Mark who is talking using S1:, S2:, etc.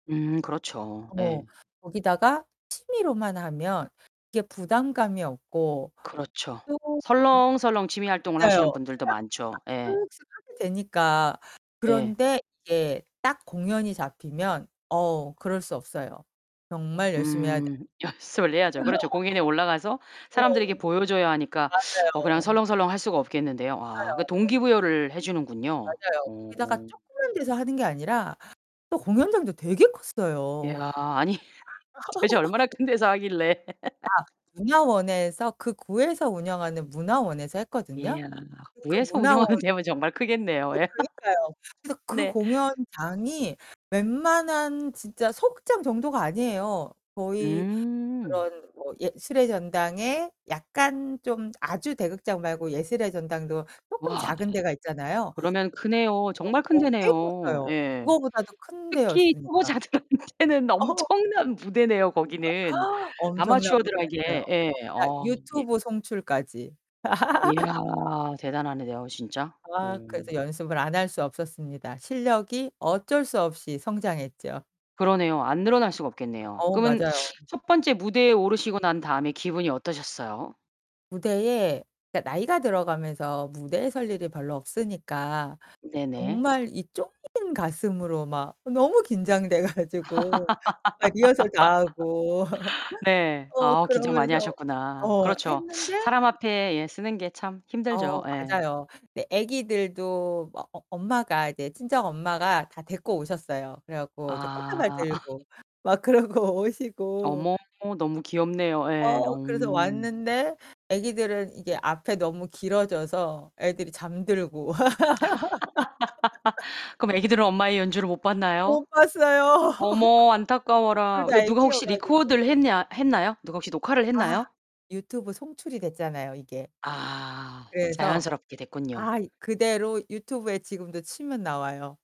S1: 음 그렇죠.
S2: 어
S1: 예.
S2: 거기다가 취미로만 하면 이게 부담감이 없고
S1: 그렇죠.
S2: 또 음.
S1: 설렁설렁 취미 활동을 하시는
S2: 맞아요.
S1: 분들도
S2: 그냥 아
S1: 많죠. 예.
S2: 쓱쓱 하게 되니까.
S1: 예.
S2: 그런데 이게 딱 공연이 잡히면 어 그럴 수 없어요. 정말 열심히 해야
S1: 음
S2: 돼요.
S1: 연습을 해야죠. 그렇죠. 공연에 올라가서
S2: 네.
S1: 사람들에게 보여줘야 하니까 어
S2: 맞아요.
S1: 그냥 설렁설렁 할 수가 없겠는데요. 아 그
S2: 그러니까요.
S1: 동기부여를 해주는군요.
S2: 맞아요. 거기다가
S1: 어.
S2: 조그만 데서 하는 게 아니라 또 공연장도 되게
S1: 야
S2: 컸어요.
S1: 아니 도대체 얼마나 큰 데서 하길래.
S2: 아 문화원에서 그 구에서 운영하는 문화원에서 했거든요?
S1: 이야
S2: 그
S1: 구에서
S2: 문화원
S1: 운영하는 데면 정말 크겠네요.
S2: 어 그러니까요. 그래서 그
S1: 네.
S2: 공연장이 웬만한 진짜 소극장 정도가 아니에요. 거의
S1: 음.
S2: 그런 뭐 예술의 전당에 약간 좀 아주 대극장 말고 예술의 전당도 조금
S1: 와.
S2: 작은 데가 있잖아요.
S1: 그러면 크네요. 정말 큰
S2: [unintelligible] 꽤
S1: 데내요.
S2: 컸어요.
S1: 예.
S2: 그거보다도 큰
S1: 특히
S2: 데였으니까.
S1: 초보자들한테는
S2: 어.
S1: 엄청난 무대네요. 거기는.
S2: 아 엄청난 [unintelligible] 을 했네요.
S1: 아마추어들에게 예.
S2: 거기다
S1: 어.
S2: 유튜브 송출까지.
S1: 야 대단하네. 내가 진짜.
S2: 아 그래서 연습을 안 할 수 없었습니다. 실력이 어쩔 수 없이 성장했죠.
S1: 그러네요. 안 늘어날 수가 없겠네요.
S2: 어,
S1: 그러면
S2: 맞아요.
S1: 첫 번째 무대에 오르시고 난 다음에 기분이 어떠셨어요?
S2: 무대에 그러니까 나이가 들어가면서 무대에 설 일이 별로 없으니까
S1: 네네.
S2: 정말 이 쫑긴 가슴으로 막 너무 긴장돼가지고 막 리허설 다 하고.
S1: 네.
S2: 어
S1: 아 긴장 많이
S2: 그러면서
S1: 하셨구나.
S2: 어
S1: 그렇죠.
S2: 했는데.
S1: 사람 앞에 예 서는 게 참 힘들죠.
S2: 어
S1: 예.
S2: 맞아요. 근데 애기들도 막 어 엄마가 이제 친정 엄마가 다 데리고 오셨어요. 그래갖고 이제 꽃다발
S1: 아
S2: 들고 막 그러고 오시고.
S1: 어머 너무 귀엽네요. 예. 어.
S2: 어 그래서 왔는데 애기들은 이게 앞에 너무 길어져서 애들이 잠들고.
S1: 그럼 애기들은 엄마의 연주를 못 봤나요?
S2: 못 봤어요.
S1: 어머 안타까워라.
S2: 둘
S1: 근데
S2: 다
S1: 누가 혹시
S2: 애기여가지고.
S1: 리코드를 했냐 했나요? 누가 혹시 녹화를
S2: 아,
S1: 했나요?
S2: 유튜브 송출이 됐잖아요, 이게.
S1: 아
S2: 그래서
S1: 자연스럽게 됐군요.
S2: 아 그대로 유튜브에 지금도 치면 나와요.